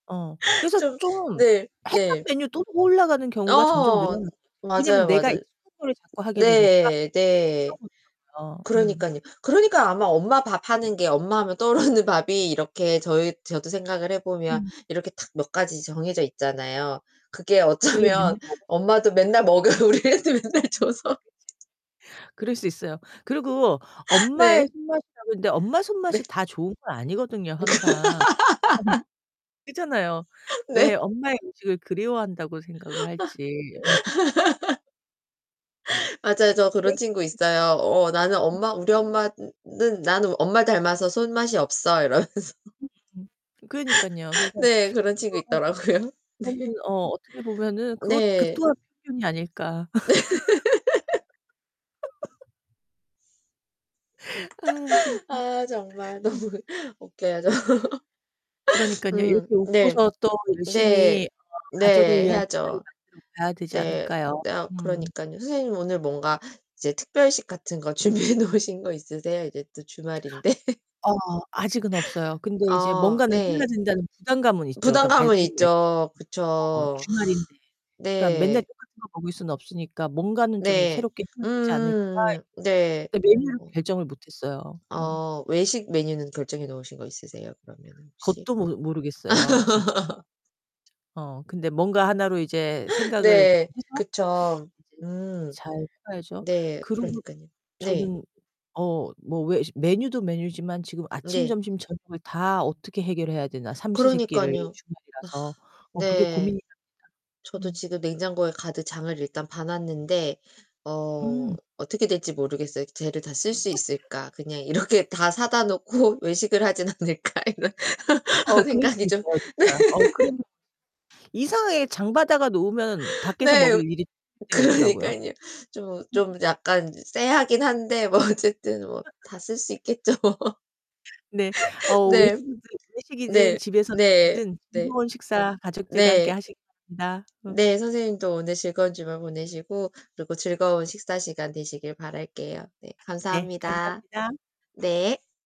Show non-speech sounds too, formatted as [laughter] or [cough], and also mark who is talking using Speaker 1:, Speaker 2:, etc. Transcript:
Speaker 1: 어, 그래서
Speaker 2: 좀
Speaker 1: 좀
Speaker 2: 네,
Speaker 1: 했던
Speaker 2: 네.
Speaker 1: 메뉴 또 올라가는 경우가 점점
Speaker 2: 어.
Speaker 1: 늘어나는 것 같아요. 왜냐면
Speaker 2: 맞아요,
Speaker 1: 내가
Speaker 2: 맞아
Speaker 1: 익숙한 거를 자꾸 하게 되니까
Speaker 2: 네, 네.
Speaker 1: [unintelligible] 음.
Speaker 2: 그러니깐요. 그러니까 아마 엄마 밥하는 게 엄마 하면 떠오르는 밥이 이렇게 저희 저도 생각을 해 보면
Speaker 1: 음.
Speaker 2: 이렇게 탁 몇 가지 정해져 있잖아요. 그게
Speaker 1: 그게
Speaker 2: 어쩌면 엄마도
Speaker 1: [unintelligible]
Speaker 2: 맨날 먹여 우리 애한테 맨날
Speaker 1: 그치,
Speaker 2: 줘서
Speaker 1: 그치. 그럴 수 있어요. 그리고 엄마의
Speaker 2: 네.
Speaker 1: 손맛이라는데 엄마
Speaker 2: 네.
Speaker 1: 손맛이 다 좋은 건 아니거든요, 항상. [laughs]
Speaker 2: [laughs]
Speaker 1: 그렇잖아요. 왜
Speaker 2: 네.
Speaker 1: 엄마의 음식을 그리워한다고 생각을 할지. 어.
Speaker 2: [laughs]
Speaker 1: [laughs]
Speaker 2: 맞아요. 저 그런 친구 있어요. "어, 나는
Speaker 1: [unintelligible]
Speaker 2: 엄마 우리 엄마는 나는 엄마를 닮아서 손맛이 없어." 이러면서.
Speaker 1: 그러니깐요.
Speaker 2: [laughs]
Speaker 1: 그래서
Speaker 2: 네, 그런 친구
Speaker 1: 그거
Speaker 2: 있더라고요.
Speaker 1: 그거는
Speaker 2: 네.
Speaker 1: 어, 어떻게 보면은 그것 그
Speaker 2: 네.
Speaker 1: 또한 편견이 아닐까.
Speaker 2: 네. [laughs]
Speaker 1: [laughs] 아, 진짜.
Speaker 2: [laughs] 아, 정말 너무
Speaker 1: 음.
Speaker 2: 웃겨요, 저.
Speaker 1: 그러니깐요.
Speaker 2: 음
Speaker 1: 이렇게
Speaker 2: 네.
Speaker 1: 웃고서 또 열심히
Speaker 2: 네.
Speaker 1: 어 가족을
Speaker 2: 네,
Speaker 1: 위한 음식을
Speaker 2: 해야죠.
Speaker 1: 만들어 가야 되지
Speaker 2: 네.
Speaker 1: 않을까요?
Speaker 2: 내가
Speaker 1: 음.
Speaker 2: 그러니깐요. 선생님 오늘 뭔가 이제 특별식 같은 거 준비해 놓으신 거 있으세요? 이제 또 주말인데. [laughs]
Speaker 1: 어, 아직은 없어요. 근데 이제
Speaker 2: 아,
Speaker 1: 뭔가는 해야
Speaker 2: 네.
Speaker 1: 된다는 부담감은 있죠. 그러니까
Speaker 2: 부담감은 있죠.
Speaker 1: [unintelligible] 어
Speaker 2: 그쵸.
Speaker 1: 주말인데.
Speaker 2: [sighs]
Speaker 1: 그러니까' 맨날
Speaker 2: 네.
Speaker 1: 똑같은 거 먹을 순 없으니까 뭔가는 좀
Speaker 2: 네.
Speaker 1: 새롭게 해야 되지 않을까?'
Speaker 2: 음음음. 네.
Speaker 1: 네, 메뉴를
Speaker 2: 어.
Speaker 1: 결정을 못했어요. 음.
Speaker 2: 어. 외식 메뉴는 결정해 놓으신 거 있으세요, 그러면은 혹시?
Speaker 1: 그것도 모르 모르겠어요. 진짜.
Speaker 2: [laughs]
Speaker 1: 어, 근데 뭔가 하나로 이제 생각을
Speaker 2: 네.
Speaker 1: 해서
Speaker 2: 그쵸.
Speaker 1: 이제
Speaker 2: 음.
Speaker 1: 잘 해봐야죠.
Speaker 2: 네.
Speaker 1: 그러고
Speaker 2: 그러니깐요. 네.
Speaker 1: 저는 어 뭐 왜 메뉴도 메뉴지만 지금 '아침,
Speaker 2: 네.
Speaker 1: 점심, 저녁을 다 어떻게 해결해야 되나, 삼시 세 끼를
Speaker 2: 그러니깐요.
Speaker 1: 주말이라서.'
Speaker 2: [sighs]
Speaker 1: 어, 그게
Speaker 2: 네.
Speaker 1: 고민이랍니다.
Speaker 2: 저도
Speaker 1: 음.
Speaker 2: 지금 냉장고에 가득 장을 일단 봐 놨는데 어
Speaker 1: 음.
Speaker 2: 어떻게 될지 모르겠어요. '쟤를 다 쓸 수 있을까. 그냥
Speaker 1: [laughs]
Speaker 2: 이렇게 다 사다 놓고 외식을 하진 않을까' 이런
Speaker 1: 어, 그럴 수
Speaker 2: 생각이 좀
Speaker 1: 있어요 진짜.
Speaker 2: [laughs]
Speaker 1: [unintelligible] 이상하게 장 봐다가 놓으면 밖에서 먹을
Speaker 2: 네.
Speaker 1: 일이 생길 때가 있더라구요.
Speaker 2: 그러니깐요. 좀 좀 약간 쎄하긴 한데 뭐 어쨌든 뭐 다
Speaker 1: [laughs]
Speaker 2: 쓸 수 있겠죠 뭐.
Speaker 1: 네.
Speaker 2: [laughs]
Speaker 1: 어,
Speaker 2: 네.
Speaker 1: 외식이든 외식이든
Speaker 2: 네.
Speaker 1: 집에서 [unintelligible]
Speaker 2: 네.
Speaker 1: 든
Speaker 2: 네.
Speaker 1: 즐거운 식사 가족들과 함께
Speaker 2: 네.
Speaker 1: 하시기 바랍니다. 어.
Speaker 2: 네, 선생님도 오늘 즐거운 주말 보내시고 그리고 즐거운 식사 시간 되시길 바랄게요. 네,
Speaker 1: 네,
Speaker 2: 감사합니다.
Speaker 1: 감사합니다.
Speaker 2: 네.